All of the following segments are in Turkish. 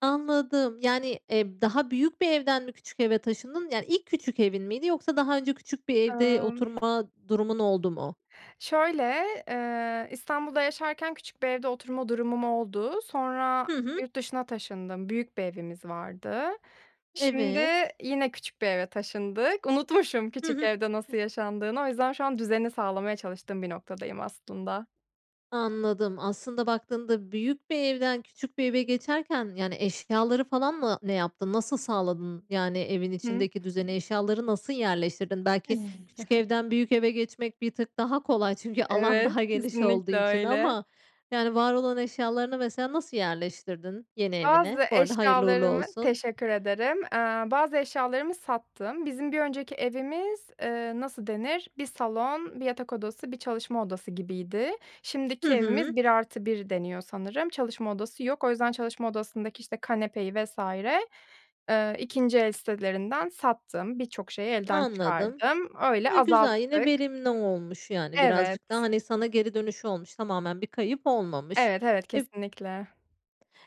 Anladım. Yani, eee, b daha büyük bir evden mi küçük eve taşındın? Yani ilk küçük evin miydi yoksa daha önce küçük bir evde Imm oturma durumun oldu mu? Şöyle, eee, İstanbul'da yaşarken küçük bir evde oturma durumum oldu. Sonra Hı hı. yurt dışına taşındım, büyük bir evimiz vardı. Şimdi Evet. yine küçük bir eve taşındık. Unutmuşum Hı küçük hı. evde Hıh. nasıl yaşandığını. O yüzden şu an düzeni sağlamaya çalıştığım bir noktadayım aslında. Anladım aslında baktığında büyük bir evden küçük bir eve geçerken, yani, eşyaları falan mı ne yaptın? Nasıl sağladın? Yani evin Hıı. içindeki düzene eşyaları nasıl yerleştirdin? Belki küçük evden büyük eve geçmek bir tık daha kolay çünkü alan Evet, daha geniş olduğu kesinlikle için öyle. ama, yani, var olan eşyalarını mesela nasıl yerleştirdin, yeni evine? Bazı Bu arada hayırlı uğurlu eşyalarımı olsun. Teşekkür ederim. Eee, bazı eşyalarımı sattım. Bizim bir önceki evimiz, eee, nasıl denir? 1 salon, 1 yatak odası, 1 çalışma odası gibiydi. Hı Şimdiki hı. evimiz 1 artı 1 deniyor sanırım. Çalışma odası yok. O yüzden çalışma odasındaki, işte, kanepeyi vs. ııı, 2. el sitelerinden sattım. Birçok şeyi elden Anladım. çıkardım. Öyle A, güzel yine azalttık. verimli olmuş yani. Birazcık da, Evet. hani, sana geri dönüşü olmuş tamamen bir kayıp olmamış. Evet, evet, Eb kesinlikle.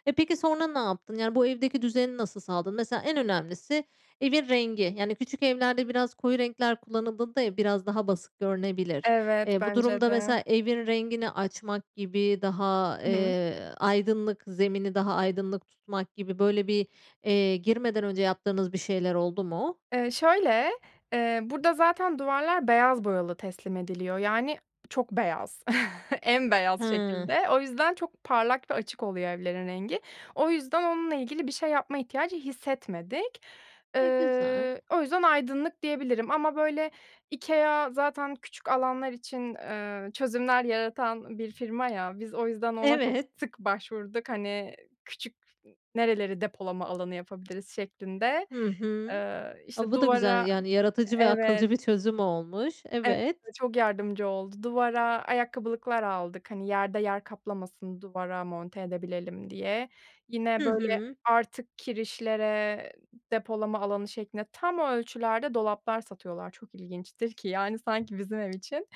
Eee, peki sonra ne yaptın? Yani bu evdeki düzeni nasıl sağladın? Mesela en önemlisi: Evin rengi. Yani küçük evlerde biraz koyu renkler kullanıldığında ev biraz daha basık görünebilir. Evet, Eee, bu bence durumda de. mesela evin rengini açmak gibi daha, I hı. eee, aydınlık zemini daha aydınlık tutmak gibi böyle bir, eee, girmeden önce yaptığınız bir şeyler oldu mu? Iıı, şöyle: Eee, burada zaten duvarlar beyaz boyalı teslim ediliyor. Yani çok beyaz, en beyaz Hıı. şekilde. O yüzden çok parlak ve açık oluyor evlerin rengi. O yüzden onunla ilgili bir şey yapma ihtiyacı hissetmedik. E, güzel. Iıı, o yüzden aydınlık diyebilirim ama, böyle, IKEA zaten küçük alanlar için, ııı, çözümler yaratan bir firma ya. Biz o yüzden ona çok Evet. sık başvurduk. Hani, küçük nereleri depolama alanı yapabiliriz şeklinde. Hı hı. Iıı, A, işte bu da güzel. duvara Yani yaratıcı ve Evet. akılcı bir çözüm olmuş. Evet, Evet. bize çok yardımcı oldu. Duvara ayakkabılıklar aldık. Hani, yerde yer kaplamasın, duvara monte edebilelim, diye. Yine, Hı böyle, hı. artık kirişlere depolama alanı şeklinde tam ölçülerde dolaplar satıyorlar. Çok ilginçtir ki, yani, sanki bizim ev için.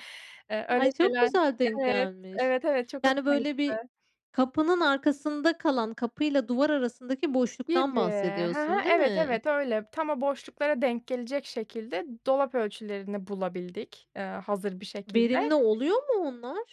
Iıı, öyle Ay, çok şeyler güzel denk Evet, gelmiş. evet, evet, çok Yani, hoşuma böyle, bir gitti. kapının arkasında kalan, kapıyla duvar arasındaki boşluktan Gibi. Hı hı, bahsediyorsun. Değil evet, mi? evet öyle. Tam o boşluklara denk gelecek şekilde dolap ölçülerini bulabildik. Iıı, hazır bir Verimli şekilde. oluyor mu onlar?